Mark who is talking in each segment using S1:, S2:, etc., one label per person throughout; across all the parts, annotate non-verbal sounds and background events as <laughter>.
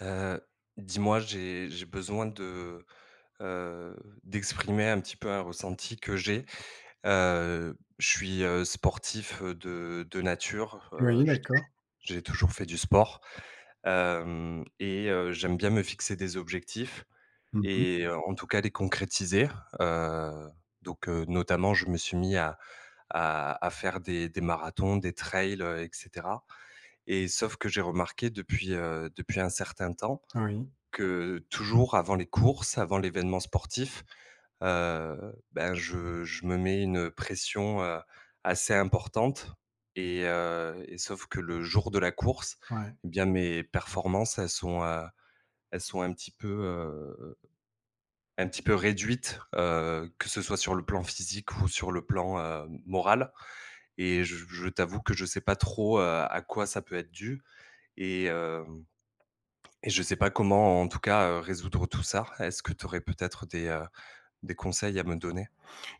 S1: Heu, dis-moi j'ai j'ai besoin de, heu, d'exprimer un petit peu un ressenti que j'ai. Heu, je suis heu, sportif, heu, de de nature, heu,
S2: Oui
S1: j'ai toujours
S2: d'accord.
S1: j'ai toujours fait du sport. Hem, et heu, j'aime bien me fixer des objectifs
S2: Mmh mh.
S1: et en en tout cas les concrétiser. Heu, donc, heu, notamment je me suis mis à à à faire des des marathons, des trails, heu, et cetera. Et sauf que j'ai remarqué depuis, heu, depuis un certain temps
S2: Oui.
S1: que toujours avant les courses, avant l'évènement sportif heu, ben je je me mets une pression, heu, assez importante. Et heu et sauf que le jour de la course,
S2: Ouais.
S1: et bien mes performances, elles sont, heu elles sont un petit peu, heu un petit peu réduites. Heu, que ce soit sur le plan physique ou sur le plan, heu, m moral. Et je je t'avoue que je sais pas trop, heu, à quoi ça peut être dû. Et heu, et je sais pas comment en tout cas, heu, résoudre tout ça. Est-ce que tu aurais peut-être des, heu, des conseils à me donner?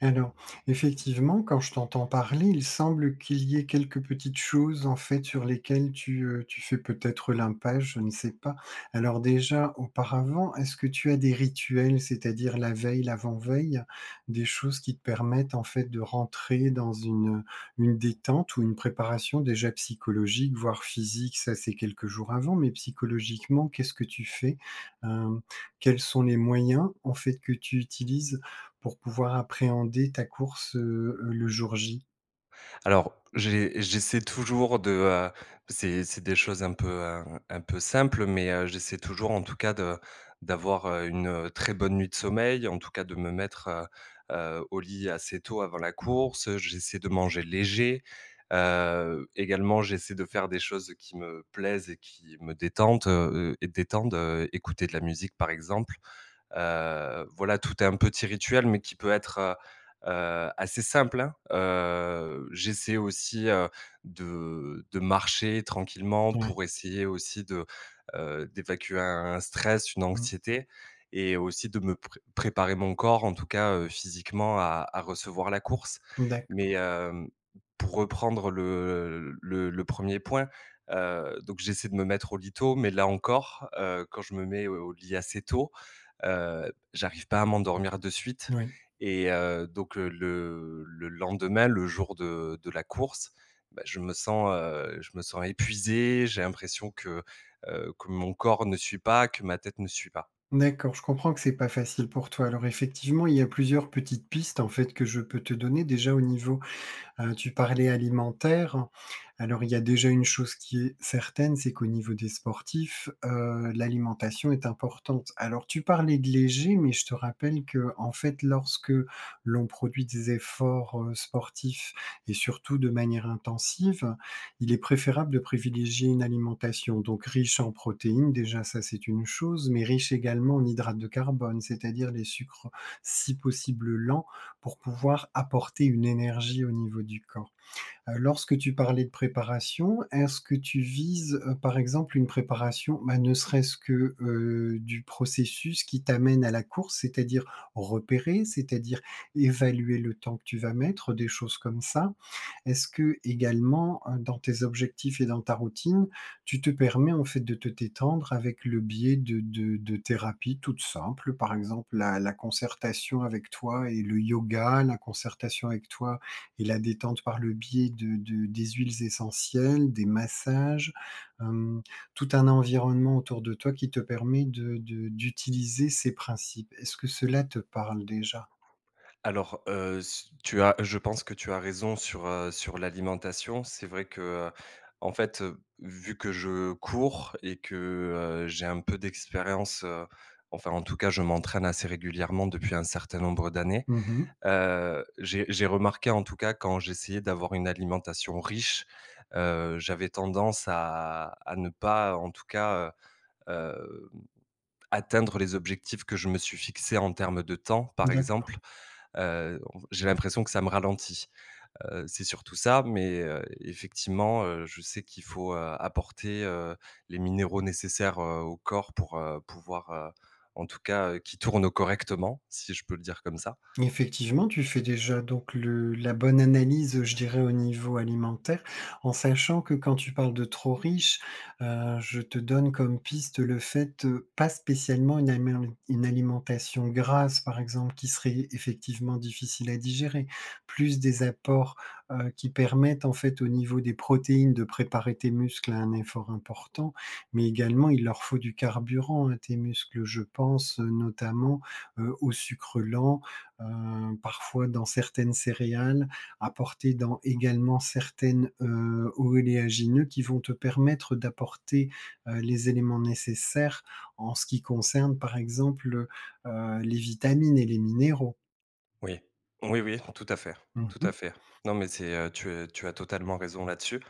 S2: Alors, effectivement quand je t'entends parler, il semble qu'il y ait quelques petites choses en fait sur lesquelles tu, heu, tu fais peut-être l'impasse, je ne sais pas. Alors déjà auparavant, est-ce que tu as des rituels? C'est-à-dire la veille, l'avant-veille, des choses qui te permettent en fait de rentrer dans une, heu une détente ou une préparation déjà psychologique, voire physique? Ca c'est quelques jours avant, mais psychologiquement, qu'est-ce que tu fais? Hem, quels sont les moyens en fait que tu utilises pour pouvoir appréhender ta course, heu, le jour J?
S1: Alors, j'e j'essaie toujours de, heu, c'est c'est des choses un peu, heu, un un peu simples mais, heu, j'essaie toujours en tout cas de d'avoir, heu, une, heu, très bonne nuit de sommeil. En tout cas de me mettre, heu heu, au lit assez tôt avant la course, heu, j'essaie de manger léger, heu, également j'essaie de faire des choses qui me plaisent et qui me détendent, heu heu, détendent, heu, écouter de la musique par exemple. Heu, voilà, tout un petit rituel mais qui peut être, heu heu assez simple, hein. Heu, j'essaie aussi, heu, de de marcher tranquillement
S2: Ouais.
S1: pour essayer aussi de, heu, d'évacuer un un stress, une
S2: Mmh.
S1: anxiété. Et aussi de me pr préparer mon corps en tout cas, heu, physiquement, à à recevoir la course.
S2: Mmh, d'accord.
S1: Mais hem, pour reprendre le, heu, l le le 1er point, heu, donc j'essaie de me mettre au lit tôt, mais là encore, heu, quand je me mets, heu, au lit assez tôt, heu, j'arrive pas à m'endormir de suite.
S2: N oui.
S1: Et, heu, donc, heu, le le lendemain, le jour de de la course, bah je me sens, heu, je me sens épuisé, j'ai l'impression que heu, que mon corps ne suit pas, que ma tête ne suit pas.
S2: D'accord, je comprends que c'est pas facile pour toi. Alors effectivement, il y a plusieurs petites pistes en fait que je peux te donner, déjà au niveau, heu, tu parlais alimentaire. Alors, il y a déjà une chose qui est certaine, c'est qu'au niveau des sportifs, heu, l'alimentation est importante. Alors tu parlais de léger, mais je te rappelle qu'en fait, lorsque l'on produit des efforts, heu, sportifs, et surtout de manière intensive, il est préférable de privilégier une alimentation donc riche en protéines, déjà ça c'est une chose, mais riche également en hydrates de carbone, c'est-à-dire les sucres, si possible lents, pour pouvoir apporter une énergie au niveau du corps. Heu, lorsque tu parlais de préparation, est-ce que tu vises, heu, par exemple, une préparation ma ne serait-ce que, heu du processus qui t'amène à la course? C'est-à-dire repérer, c'est-à-dire évaluer le temps que tu vas mettre, des choses comme ça? Est-ce que, également, heu, dans tes objectifs et dans ta routine, tu te permets en fait de te détendre? Avec le biais de de de thérapies toutes simples, par exemple la la concertation avec toi et le Yoga. La concertation avec toi et la détente par le biais de de des huiles essentielles, des massages, hem, tout un environnement autour de toi, qui te permet de de d'utiliser ces principes. Est-ce que cela te parle, déjà?
S1: Alors, heu s tu as, je pense que tu as raison sur, heu, sur l'alimentation. C'est vrai que, heu, en fait, heu, vu que je cours et que, heu, j'ai un peu d'expérience, heu, enfin en tout cas je m'entraîne assez régulièrement, depuis un certain nombre d'années,
S2: Mmh mh.
S1: heu. J'ai j'ai remarqué en tout cas quand j'essayais d'avoir une alimentation riche, heu, j'avais tendance à à ne pas, en tout cas, heu, hem, atteindre les objectifs que je me suis fixés. En termes de temps, par
S2: D'accord.
S1: exemple, heu, en f j'ai l'impression que ça me ralentit. Heu, c'est surtout ça, mais, heu, effectivement, heu, je sais qu'il faut, heu, apporter, heu, les minéraux nécessaires, heu, au corps, pour, heu, pouvoir, heu, en tout cas, heu, qu'il tourne correctement, si je peux le dire comme ça.
S2: Effectivement, tu fais déjà donc le la bonne analyse, heu, je dirais au niveau alimentaire. En sachant que quand tu parles de trop riche, heu, je te donne comme piste le fait, heu, pas spécialement une amélemi une alimentation grasse par exemple, qui serait effectivement difficile à digérer. Plus des apports, heu, qui permettent en fait au niveau des protéines de préparer tes muscles à un effort important, mais également il leur faut du carburant, à tes muscles, je pense, heu, notamment, heu, aux sucres lents. Heu parfois dans certaines céréales, apportés dans également certaines, heu, oléagineux qui vont te permettre d'apporter, heu, les éléments nécessaires en ce qui concerne par exemple, heu heu, les vitamines et les minéraux.
S1: Oui, oui oui, tout à fait,
S2: Mmh
S1: tout
S2: mh.
S1: à fait. Non mais c'est heu, tu, heu, tu as totalement raison là-dessus.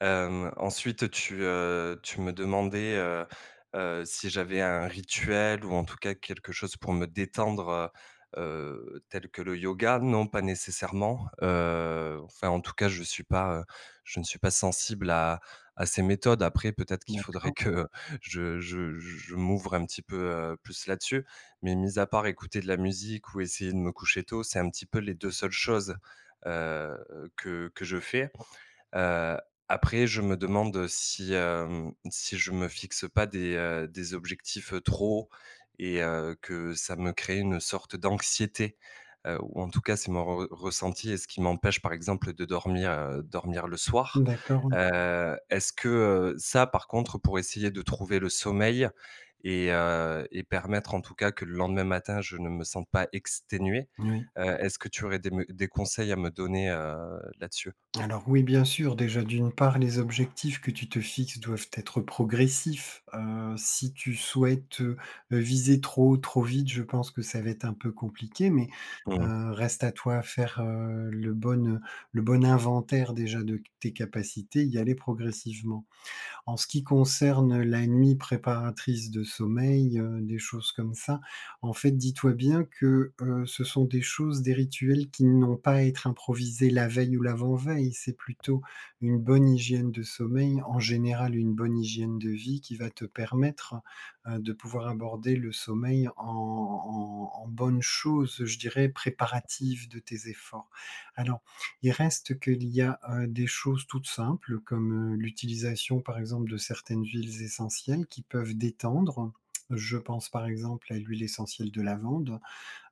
S1: Hem, ensuite tu, heu, tu me demandais, heu heu, si j'avais un rituel, ou en tout cas quelque chose pour me détendre, heu heu, tel que le yoga. Non pas nécessairement, heu, enfin en tout cas je suis pas, heu, je ne suis pas sensible à à ces méthodes. Après peut-être qu'il faudrait
S2: D'accord.
S1: <chuckles> que, heu, je je je je m'ouvre un petit peu, heu, plus là-dessus. Mais mis à part écouter de la musique ou essayer de me coucher tôt, c'est un petit peu les 2 seules choses, heu, que que je fais. Heu, après je me demande si, hem, si je me fixe pas des, heu, des objectifs trop hauts. Et heu, que ça me crée une sorte d'anxiété, heu, ou en tout cas c'est mon re re ressenti, et ce qui m'empêche par exemple de dormir, heu, dormir le soir.
S2: D'accord.
S1: Heu, est-ce que, heu, ça par contre pour essayer de trouver le sommeil et heu, et permettre en tout cas que le lendemain matin, je ne me sente pas exténué.
S2: N oui.
S1: Heu, est-ce que tu aurais des me des conseils à me donner, heu, là-dessus?
S2: Alors oui, bien sûr, déjà d'une part, les objectifs que tu te fixes doivent être progressifs. Heu, si tu souhaites, heu heu, viser trop haut, trop vite, je pense que ça va être un peu compliqué. Mais,
S1: Mmh mh.
S2: heu, reste à toi faire, heu, le bon, heu, le bon inventaire déjà de c tes capacités, y aller progressivement. En ce qui concerne la nuit préparatrice de sommeil, heu, des choses comme ça, en fait, dis-toi bien que, heu, ce sont des choses, des rituels qui n'ont pas à être improvisés la veille ou l'avant-veille. C'est plutôt une bonne hygiène de sommeil, en général une bonne hygiène de vie qui va te permettre, heu, de pouvoir aborder le sommeil en en en bonne chose. Je dirais préparatif de tes efforts. Alors il reste qu'il y a, heu, des choses toutes simples comme, heu, l'utilisation par exemple de certaines huiles essentielles, qui peuvent détendre. <clicks tongue> Je pense par exemple à l'huile essentielle de lavande.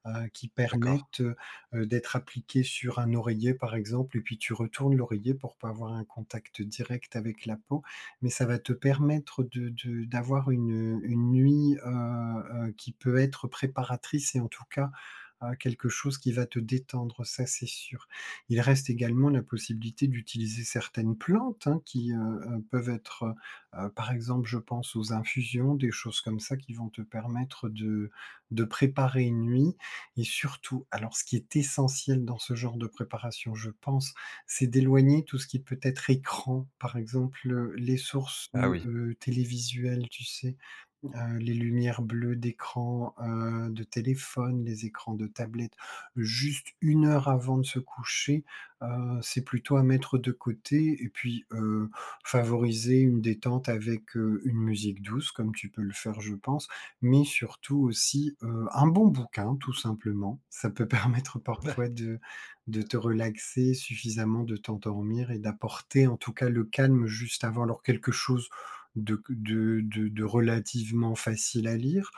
S2: Heu, qui
S1: D'accord.
S2: permettent, heu heu, d'être appliquées sur un oreiller par exemple et puis tu retournes l'oreiller pour pas avoir un contact direct avec la peau. Mais ça va te permettre de de d'avoir une, heu, une nuit, heu heu, qui peut être préparatrice et en tout cas, heu, quelque chose qui va te détendre, ça c'est sûr. Il reste également la possibilité d'utiliser certaines plantes hein, qui, heu heu, peuvent être, heu heu, par exemple je pense aux infusions. Des choses comme ça qui vont te permettre de de préparer une nuit. Et surtout alors ce qui est essentiel dans ce genre de préparation, je pense, c'est d'éloigner tout ce qui peut être écran par exemple. Heu, les sources,
S1: Ah
S2: heu
S1: oui.
S2: heu, télévisuelles, tu sais? Heu, les lumières bleues d'écran, heu, de téléphone, les écrans de tablette juste 1 heure avant de se coucher, heu, c'est plutôt à mettre de côté. Et puis, heu, favoriser une détente avec, heu, une musique douce comme tu peux le faire je pense. Mais surtout aussi, heu, un bon bouquin tout simplement, ça peut permettre <chuckles> parfois de de
S1: <chuckles>
S2: te relaxer suffisamment. De t'endormir et d'apporter en tout cas le calme juste avant. Alors quelque chose de q de de de relativement facile à lire,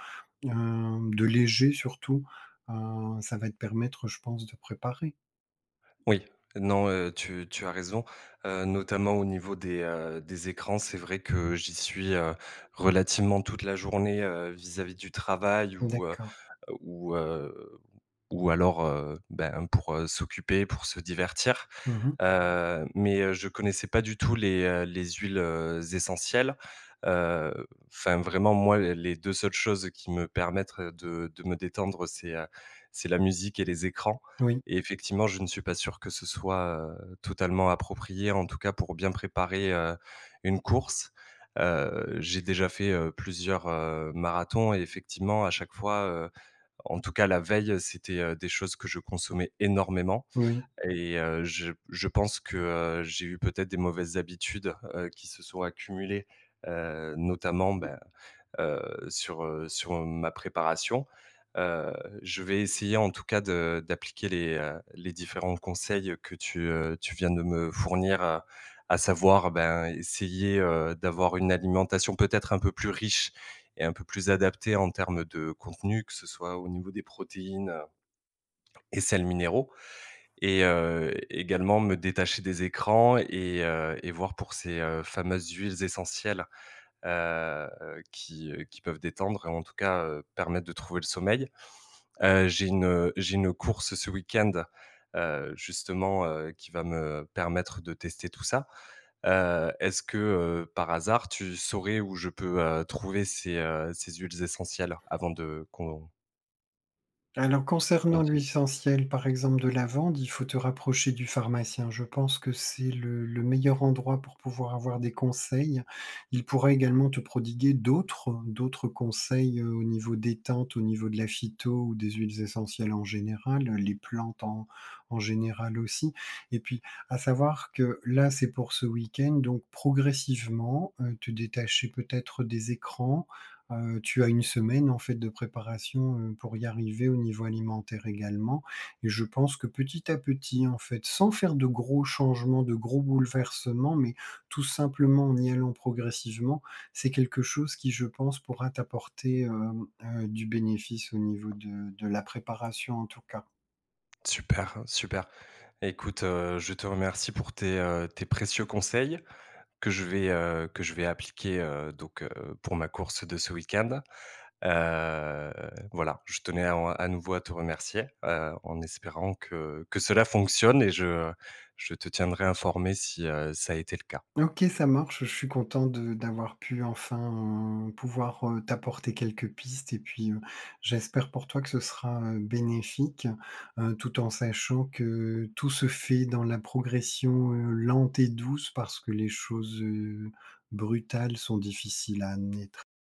S2: hem, de léger surtout, heu, ça va te permettre je pense de préparer.
S1: Oui. Non, heu, tu tu as raison, heu, notamment au niveau des, heu, des écrans, c'est vrai que j'y suis, heu, relativement toute la journée. Heu vis-à-vis du travail ou, heu
S2: D'accord.
S1: heu, ou, heu, ou alors, heu, ben pour, heu, s'occuper pour se divertir.
S2: Mmh mh.
S1: Heu, mais, heu, je connaissais pas du tout les, heu, les huiles, heu, essentielles, heu, enfin vraiment moi l les 2 seules choses qui me permettent de de me détendre, c'est, heu, c'est la musique et les écrans
S2: Oui.
S1: et effectivement je ne suis pas sûr que ce soit, heu, totalement approprié, en tout cas pour bien préparer, heu, une course. Heu, j'ai déjà fait, heu, plusieurs, heu, marathons et effectivement à chaque fois, heu, en tout cas la veille, c'était, heu, des choses que je consommais énormément
S2: N oui.
S1: et heu, je p je pense que, heu, j'ai eu peut-être des mauvaises habitudes, heu, qui se sont accumulées. Heu, notamment ben, heu, sur, heu, sur ma préparation. Heu, je vais essayer en tout cas de d'appliquer les, heu, les différents conseils que tu, heu, tu viens de me fournir. Heu, à savoir ben essayer, heu, d'avoir une alimentation peut-être un peu plus riche et un peu plus adaptée. En termes de contenu, que ce soit au niveau des protéines, heu et sels minéraux et heu, également me détacher des écrans et heu, et voir pour ces, heu, fameuses huiles essentielles, heu, qui, heu, qui peuvent détendre e t en tout cas, heu, permettre de trouver le sommeil. Heu, j'ai une, heu, j'ai une course ce week-end, heu, justement, heu, qui va me permettre de tester tout ça. Heu, est-ce que, heu, par hasard tu saurais où je peux, heu, trouver ces, heu, ces huiles essentielles avant de qu'on
S2: Alors concernant
S1: Compter.
S2: l'huile essentielle par exemple de lavande, il faut te rapprocher du pharmacien. Je pense que c'est le le meilleur endroit pour pouvoir avoir des conseils. Il pourra également te prodiguer d'autres d'autres conseils, heu, au niveau détente. Au niveau de la phyto ou des huiles essentielles en général, heu, les plantes en en général aussi et puis à savoir que là, c'est pour ce week-end donc progressivement, heu, te détacher peut-être des écrans, heu, tu as 1 semaine en fait de préparation, heu, pour y arriver. Au niveau alimentaire également et je pense que petit à petit en fait sans faire de gros changements, de gros bouleversements mais tout simplement en y allant progressivement. C'est quelque chose qui je pense pourra t'apporter, hem, heu, du bénéfice au niveau de de la préparation en tout cas.
S1: Super! Super! Écoute, heu, je te remercie pour tes, heu, tes précieux conseils, que je vais, heu, que je vais appliquer. Heu, donc, heu, pour ma course de ce week-end. Heu, voilà, je tenais à en à nouveau à te remercier, heu, en espérant que que cela fonctionne et je je te tiendrai informé si, heu, ça a été le cas.
S2: OK, ça marche, je suis content de d'avoir pu enfin, heu, pouvoir, heu, t'apporter quelques pistes et puis, heu, j'espère pour toi que ce sera, heu, bénéfique. Heu, tout en sachant que tout se fait dans la progression, heu, lente et douce parce que les choses, heu, brutales sont difficiles à amener.